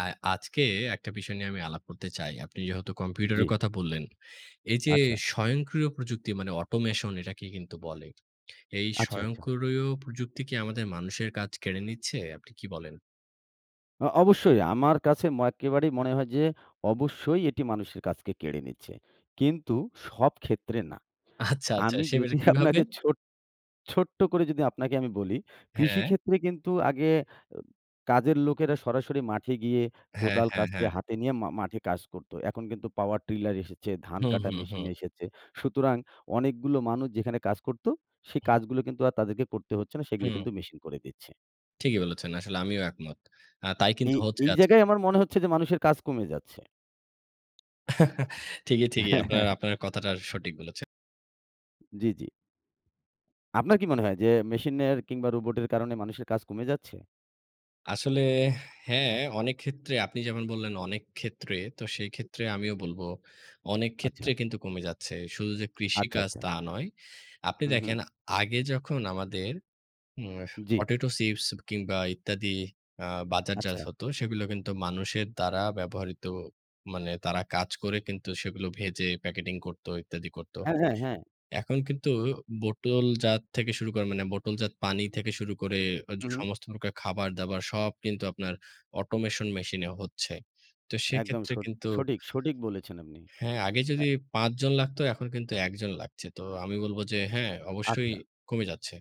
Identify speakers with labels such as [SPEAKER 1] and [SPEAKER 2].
[SPEAKER 1] আর আজকে একটা বিষয় নিয়ে আলাপ করতে চাই। আপনি যেহেতু কম্পিউটারের
[SPEAKER 2] জ্বী।
[SPEAKER 1] কথা বললেন, এই যে,
[SPEAKER 2] আচ্ছা।
[SPEAKER 1] স্বয়ংক্রিয় প্রযুক্তি মানে অটোমেশন এটাকে কিন্তু বলে। এই
[SPEAKER 2] আচ্ছা, আচ্ছা।
[SPEAKER 1] স্বয়ংক্রিয় প্রযুক্তি কি আমাদের মানুষের কাজ কেড়ে নিচ্ছে? আপনি কি বলেন?
[SPEAKER 2] আ অবশ্যই আমার কাছে ম একেবারেই মনে হয় যে, অবশ্যই এটি মানুষের কাজকে কেড়ে নিচ্ছে। কিন্তু সব ক্ষেত্রে না।
[SPEAKER 1] আচ্ছা, আচ্ছা।
[SPEAKER 2] আমি
[SPEAKER 1] সেবারে
[SPEAKER 2] যদি
[SPEAKER 1] কিভাবে?
[SPEAKER 2] আপনাকে ছো ছোট্ট করে যদি আপনাকে আমি বলি কৃষি
[SPEAKER 1] হ্যাঁ।
[SPEAKER 2] ক্ষেত্রে কিন্তু আগে এ কাজের লোকেরা সরাসরি মাঠে গিয়ে
[SPEAKER 1] হ্যাঁ,
[SPEAKER 2] কোদাল,
[SPEAKER 1] হ্যাঁ,
[SPEAKER 2] কাস্তে
[SPEAKER 1] হ্যাঁ।
[SPEAKER 2] হাতে নিয়ে মা মাঠে কাজ করত। এখন কিন্তু পাওয়ার ট্রিলার এসেছে, ধান
[SPEAKER 1] হুম,
[SPEAKER 2] কাটা
[SPEAKER 1] হুম, হুম।
[SPEAKER 2] মেশিন এসেছে। সুতরাং অনেকগুলো মানুষ যেখানে কাজ করত সে
[SPEAKER 1] হুম।
[SPEAKER 2] কাজগুলো কিন্তু আর তাদেরকে করতে হচ্ছে না সেগুলি
[SPEAKER 1] হুম।
[SPEAKER 2] কিন্তু মেশিন করে দিচ্ছে।
[SPEAKER 1] ঠিকই বলেছেন। আসলে আমিও একমত। আ তাই কিন্তু
[SPEAKER 2] এই
[SPEAKER 1] হচ্ছে
[SPEAKER 2] এই
[SPEAKER 1] আজকে।
[SPEAKER 2] জায়গায় আমার মনে হচ্ছে যে, মানুষের কাজ কমে যাচ্ছে।
[SPEAKER 1] ঠিকই, ঠিকই। আপনার, আপনার কথাটা সঠিক বলেছেন।
[SPEAKER 2] জ্বী, জ্বী। আপনার কি মনে হয় যে, মেশিনের কিংবা রোবটের কারণে মানুষের কাজ কমে যাচ্ছে?
[SPEAKER 1] আসলে হ্যাঁ, অনেক ক্ষেত্রে আপনি যেমন বললেন অনেক ক্ষেত্রে, তো সেইক্ষেত্রে আমিও বলব, অনেক ক্ষেত্রে
[SPEAKER 2] আচ্ছা।
[SPEAKER 1] কিন্তু কমে যাচ্ছে। শুধু যে,
[SPEAKER 2] আচ্ছা,
[SPEAKER 1] কৃষিকাজ
[SPEAKER 2] আচ্ছা।
[SPEAKER 1] তা নয়। আপনি
[SPEAKER 2] হু, হুম।
[SPEAKER 1] দেখেন আগে যখন আমাদের উম
[SPEAKER 2] জ্বি।
[SPEAKER 1] পটেটো চিপস কিংবা ইত্যাদি আ বাজারজাত
[SPEAKER 2] আচ্ছা।
[SPEAKER 1] হত, সেগুলো কিন্তু মানুষের দ্বারা ব্যবহৃত মানে তারা কাজ করে কিন্তু সেগুলো ভেজে প্যাকেটিং করত ইত্যাদি করত।
[SPEAKER 2] হ্যাঁ, হ্যাঁ, হ্যাঁ।
[SPEAKER 1] এখন কিন্তু বোতলজাত থেকে শুরু করে মানে বোতলজাত পানি থেকে শুরু করে এ
[SPEAKER 2] হু, হুম।
[SPEAKER 1] সমস্ত প্রকার খাবার-দাবার সব কিন্তু আপনার অটোমেশন মেশিন এ হচ্ছে। তো
[SPEAKER 2] একদম
[SPEAKER 1] সেক্ষেত্রে
[SPEAKER 2] স
[SPEAKER 1] কিন্তু
[SPEAKER 2] সঠিক, সঠিক বলেছেন আপনি।
[SPEAKER 1] হ্যাঁ, আগে
[SPEAKER 2] আ
[SPEAKER 1] যদি ৫ জন লাগতো এখন কিন্তু ১ জন লাগছে। তো আমি বলব, যে, হ্যাঁ, অবশ্যই
[SPEAKER 2] আচ্ছা।
[SPEAKER 1] কমে যাচ্ছে।